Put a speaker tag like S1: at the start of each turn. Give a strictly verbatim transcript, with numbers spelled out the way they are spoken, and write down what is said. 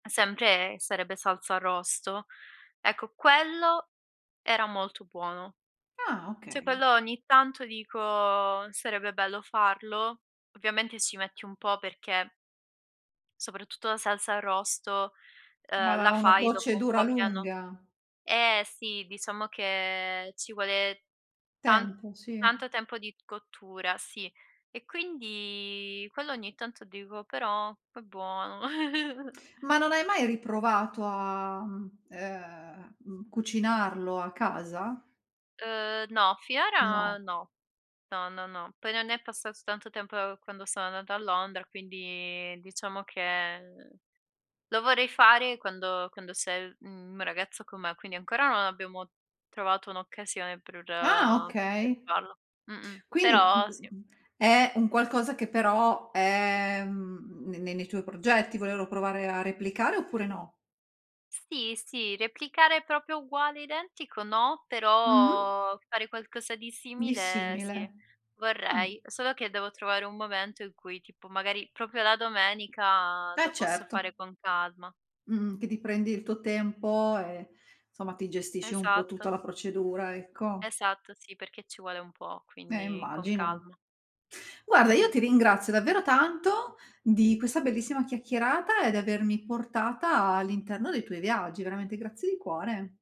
S1: Sempre, ehm, sarebbe salsa arrosto. Ecco, quello era molto buono.
S2: Ah,
S1: ceh
S2: okay.
S1: quello, ogni tanto dico: "Sarebbe bello farlo." Ovviamente ci metti un po', perché Soprattutto la salsa arrosto, uhm,
S2: Ma ha
S1: la
S2: una
S1: fai dopo un
S2: procedura
S1: po' che hanno
S2: lunga.
S1: eh, sì! Diciamo che ci vuole tan
S2: Tempo, sì.
S1: tanto tempo di cottura, sì. E quindi quello ogni tanto, dico: "Però è buono!"
S2: Ma non hai mai riprovato a mhmm, uhm, mhmm, cucinarlo a casa?
S1: Uhm, no.
S2: No.
S1: fiora no. No, no, no. Poi non è passato tanto tempo, uhm, quando sono andata a Londra, quindi diciamo che, uhm, lo vorrei fare quando quando c'è l mhmm, mio ragazzo con me, quindi ancora non abbiamo trovato un'occasione pr
S2: Ah,
S1: uhm, pe
S2: okay.
S1: farlo. Mh-mh.
S2: Quindi
S1: Però, sì.
S2: è un qualcosa, che però, è, mhmm, ne ne nei tuoi progetti, volero provare a replicare, oppure no?
S1: Sì, sì, replicare proprio uguale identico, no,
S2: Mh-mh.
S1: però fare qualcosa di
S2: Di
S1: simile, sì,
S2: simile. Ah, m
S1: vorrei. Solo che devo trovare un momento in cui, tipo magari, proprio la domenica,
S2: Eh,
S1: lo posso
S2: certo.
S1: fare con calma.
S2: Mh-mh, che ti prendi il tuo tempo e somma, ti gestisci un po' tutta
S1: Esatto.
S2: la procedura, ecco.
S1: Esatto, sì, perché ci vuole un po',
S2: Eh,
S1: quindi con
S2: immagino.
S1: calma.
S2: Guarda, io
S1: Mh-mh.
S2: ti ringrazio davvero tanto, di questa bellissima chiacchierata e di avermi portata all'interno dei tuoi viaggi. Veramente grazie di cuore.